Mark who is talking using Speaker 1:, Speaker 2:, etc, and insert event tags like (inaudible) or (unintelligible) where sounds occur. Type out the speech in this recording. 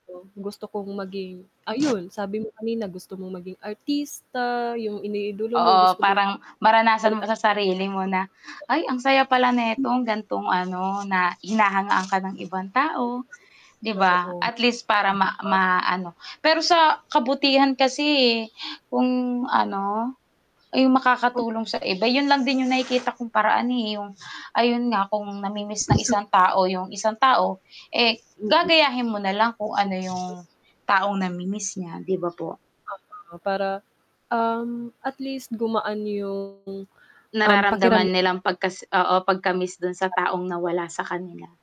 Speaker 1: Oh. Gusto kong maging, ayon. Sabi mo kanina, gusto mong maging artista, yung iniidolo mo
Speaker 2: Oo,
Speaker 1: gusto mo
Speaker 2: parang maranasan mo
Speaker 1: (unintelligible)
Speaker 2: sa sarili mo na "Ay ang saya pala netong gantong ano Na hinahangaan ka ng ibang tao", diba?
Speaker 1: Totoo.
Speaker 2: At least para ma
Speaker 1: (unintelligible)
Speaker 2: maano. Pero sa kabutihan kasi eh, kung ano Yung makakatulong sa iba 'yun lang din yung nakikita kong paraan eh, yung Ayun nga kung na-mi-miss ng
Speaker 1: So
Speaker 2: isang tao yung isang tao, eh,
Speaker 1: Mm.
Speaker 2: gagayahin mo na lang kung ano yung taong na-mi-miss niya 'di ba po?
Speaker 1: (unintelligible) Para um, at least gumaan yung um, pakiram
Speaker 2: Nararamdaman nilang pagkas oo pagka-miss dun sa taong nawala sa kanila.